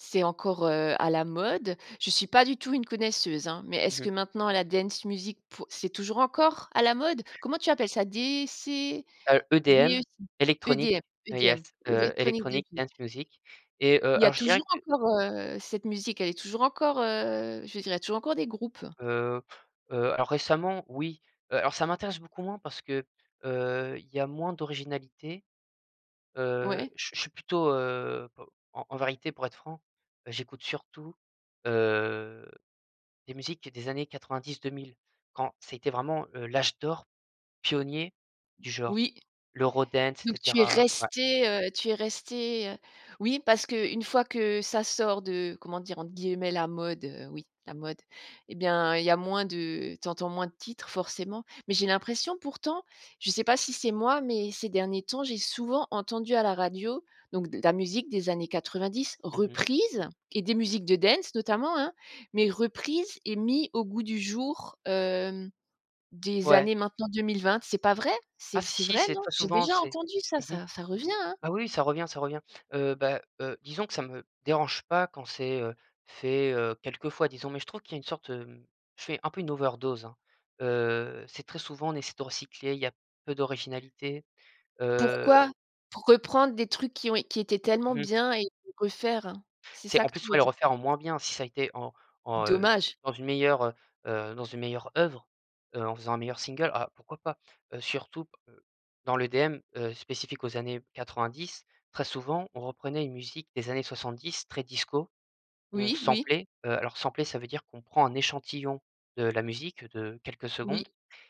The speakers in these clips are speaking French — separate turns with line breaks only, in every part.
C'est encore, heu, à la mode? Je suis pas du tout une connaisseuse, hein. Mais
Mmh
est-ce
mh.
que maintenant la dance music pour c'est toujours encore à la mode? Comment tu appelles ça? DC,
Heu, EDM
DEC
Electronic
EDM
heu,
EDM,
yes. Heu,
Electronic dance
Electronic
music.
dance music et,
Il
heu,
y a
alors, je dirais
toujours
que
encore, heu, cette musique? Elle est toujours encore, heu, je veux dire, il y a toujours encore des groupes?
Heu heu, alors récemment oui. Heu alors ça m'intéresse beaucoup moins parce que, heu, il y a moins d'originalité. Heu,
Ouais.
je suis je suis plutôt, heu, p en en vérité, pour être franc, bah, j'écoute surtout, heu, des musiques des années 90-2000. Quand ça a été vraiment, heu, l'âge d'or pionnier du genre,
Oui.
l'Eurodance, et
Donc, tu es
cetera. Ouais.
resté, heu, tu es resté, heu oui, parce qu'une fois que ça sort de comment dire? Entre guillemets, la mode. Heu oui, la mode. Eh bien, il y a moins de tu entends moins de titres, forcément. Mais j'ai l'impression, pourtant je sais pas si c'est moi, mais ces derniers temps, j'ai souvent entendu à la radio, donc, de la musique des années 90
Mmh mh.
reprise et des musiques de dance, notamment, hein. Mais reprises et mis au goût du jour, hem, des
Ouais!
années maintenant 2020. C'est pas vrai?
Ah
C'est f
si,
c'est
si,
vrai,
c'est
non?
très
J'ai
souvent!
déjà
C'est
entendu ça.
mmh mh.
Ça ça revient, hein?
Ah oui, ça revient, ça revient. Heu, bah, heu, disons que ça me dérange pas quand c'est, heu, fait, heu, quelquefois, disons. Mais je trouve qu'il y a une sorte, hem je fais un peu une overdose, hein. Heu, c'est très souvent, on essaie de recycler, il y a peu d'originalité. Heu
Pourquoi? Pour reprendre des trucs qui ont é qui étaient tellement
Mmh.
bien et les refaire? C'est
C'est,
ça
en
que tu
plus,
veux
ouais le
dire?
refaire en moins bien. Si ça a été en en heu,
Dommage.
dans une meilleure, heu heu, dans une meilleure œuvre, heu, en faisant un meilleur single. Ah, pourquoi pas? Heu, surtout p heu, dans l'EDM, heu, spécifique aux années 90, très souvent, on reprenait une musique des années 70 très disco, on
Oui, oui.
samplait. Heu, alors, sampler, ça veut dire qu'on prend un échantillon de la musique de quelques
Oui.
secondes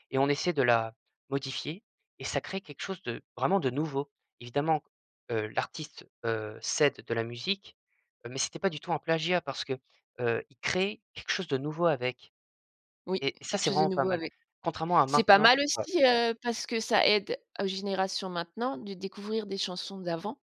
et on essaie de la modifier et ça crée quelque chose de vraiment de nouveau. Évidemment qu heu, l'artiste, heu, s'aide de la musique, heu, mais c'était pas du tout un plagiat parce que, heu, il crée quelque chose de nouveau avec.
Oui,
Et ça,
quelque
c'est
chose de
vraiment pas
nouveau
mal,
avec
contrairement à
c'est pas
maintenant
mal
ouais.
aussi, heu, parce que ça aide aux générations maintenant de découvrir des chansons d'avant.